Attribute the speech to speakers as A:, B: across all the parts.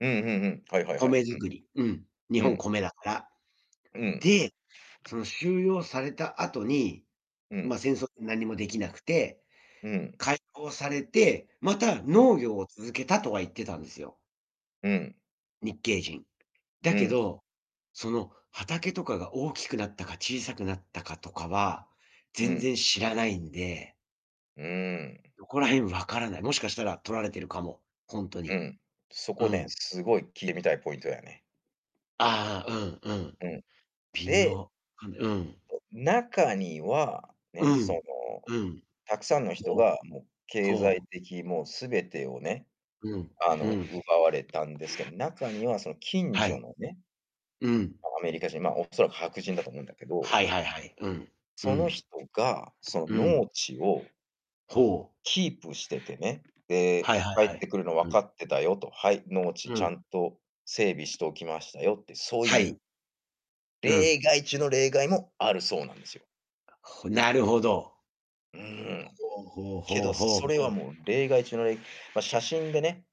A: うんうんうん、はいはいはい、
B: 米作り。うん。日
A: うん。う
B: 本、
A: ん。
B: 米だから。
A: うん。
B: で、その収容された後に、
A: うん。
B: ま、戦争って何もできなくて、
A: うん。
B: 解放されてまた
A: うん。
B: 農業を続けたとは言ってたんですよ。
A: うん。
B: 日系人。だ
A: う
B: け
A: ん。
B: ど、その畑とかが大きくなったか小さくなったかとかは
A: う
B: 全
A: ん。
B: 然知らないんで。
A: うーん。
B: どこら辺分からない。もしかしたら取られてるかも、ほんと
A: う
B: に。
A: ん、そ
B: う
A: こね、
B: ん。
A: すごい聞いてみたいポイントだよね。
B: ああ、うんうん、
A: うん。
B: 微
A: で
B: 妙。かんでうん。
A: 中には、
B: う
A: ね、その
B: ん。うん。
A: 沢山の人
B: そう。
A: がもう経済
B: そう。
A: 的にもう全てをね、
B: うん。
A: あ
B: う
A: の
B: ん。
A: 奪われたんですけど、中にはその近
B: はい。うん。
A: 所のね、
B: うん。
A: アメリカ人、ま、恐らく白人だと思うんだけど。
B: はいはいはい。うん、う
A: その
B: ん。
A: 人がそ
B: う
A: の
B: ん。
A: 農地を
B: ほう。
A: キープしててね。で、
B: はいはい
A: 帰っ
B: は
A: て
B: い。
A: くるの
B: う
A: 分
B: ん。
A: かってたよと。はい、農地
B: う
A: ちゃ
B: ん。
A: んと整備しておきましたよ、って。そう
B: は
A: いう
B: い。うん。
A: 例外中の例外もあるそうなんですよ。
B: ほなるほど。
A: う
B: こ
A: ん。
B: こう、ほう
A: け
B: ほ
A: ど
B: うほうほう
A: それは
B: ほう。
A: もう例外中のいま、写真でね。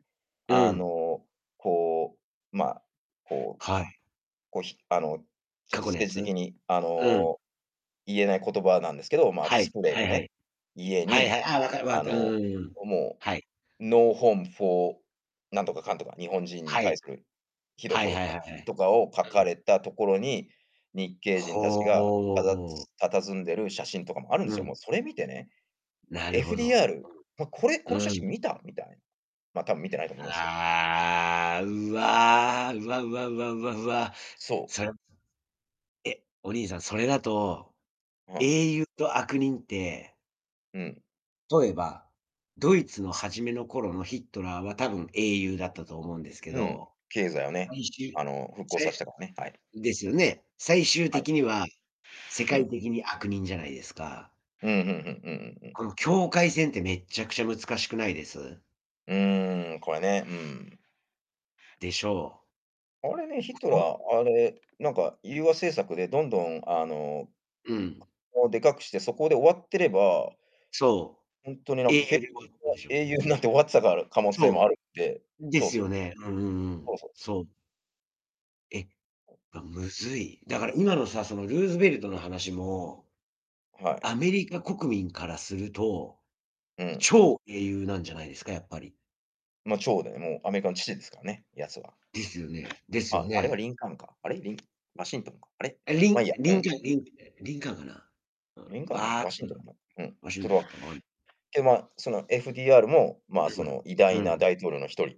B: う
A: あ
B: ん。
A: のこう、まあこう、
B: はい。
A: こうひあの、ちょっ
B: 過
A: と
B: 去
A: ス
B: の
A: テ
B: や
A: ージ
B: つ？
A: 的にあ
B: うん。
A: の言えない言葉なんですけど、まあ
B: は
A: ス
B: い。
A: プレー
B: は
A: で
B: いは
A: ね、
B: い。
A: 家
B: はいは
A: に、
B: い、ああ、わかわかっ
A: あ
B: た、うん
A: の、
B: うんうん、
A: も
B: はい。
A: うノーホームフォーなんとかかんとか、日本人に
B: は
A: 対
B: い。
A: するひどい
B: はい
A: 言葉
B: はいはいはい。
A: とかを書
B: う
A: か
B: ん。
A: れたところに、日系
B: ほ
A: 人たちが
B: お。
A: たた佇んでる写真とかもあるんで
B: う
A: すよ。もう
B: ん。
A: それ見てね、
B: なるほど。
A: FDR。ま、これ、
B: う
A: この写
B: ん。うん。
A: 真見た？みたい。ま、たぶん見てないと思いますけど。
B: ああ、うわあ、うわうわうわうわうわ。
A: そう。
B: それ。え、お兄さんそれだと
A: うん。
B: 英雄と悪人って
A: うん。
B: とえば、ドイツの初めの頃のヒットラーは多分英雄だったと思うんですけ
A: うん、
B: ど、
A: 経済をね、あ の復興さしたからね、はい。
B: ですよね。最終
A: はい。
B: 的には世
A: う
B: 界
A: ん。
B: 的に悪人じゃないですか。
A: うん、ふんふん、うんうんうん。
B: この境界線ってめっちゃくちゃ難しくないです？
A: うーん、これね、うん。
B: でしょう。
A: あれね、ヒッ
B: こ-
A: トラ
B: こう。
A: ー、あれ、なんか融和政策でどんどんあの、
B: うん。
A: をでかくして、そこで終わってれば
B: そ
A: ほんとにな
B: う、
A: んか、
B: 英
A: け
B: 雄
A: け
B: で たで しょ。
A: 英雄になって終わってた可能性も
B: そ
A: あるんで。
B: う。で
A: そう
B: す
A: そう。
B: よね。うんうんうん。
A: そうそうそう。
B: そう。え、あ、むずい。だから今のさ、そのルーズベルトの話も
A: はい。
B: アメリカ国民からすると、
A: うん。
B: 超英雄なんじゃないですか、やっぱり。
A: ま、長で、もうアメリカの父ですからね、やつは。
B: ですよねですよ
A: あ、あれは
B: ね。
A: リンカーンか。あれ？リンワシントンか？あれ？
B: え、リ
A: ま、い
B: ン
A: いや、う
B: リンカ
A: ん。
B: ン、リンえ、リンカーンかな？うん、
A: リンカーンかな？
B: わあ、
A: ワシントン かな？うん。
B: ワシ
A: ふどあ、でまあその FDR もまあ
B: うん
A: その偉
B: うん。う
A: 大な
B: ん。
A: 大統領の一人。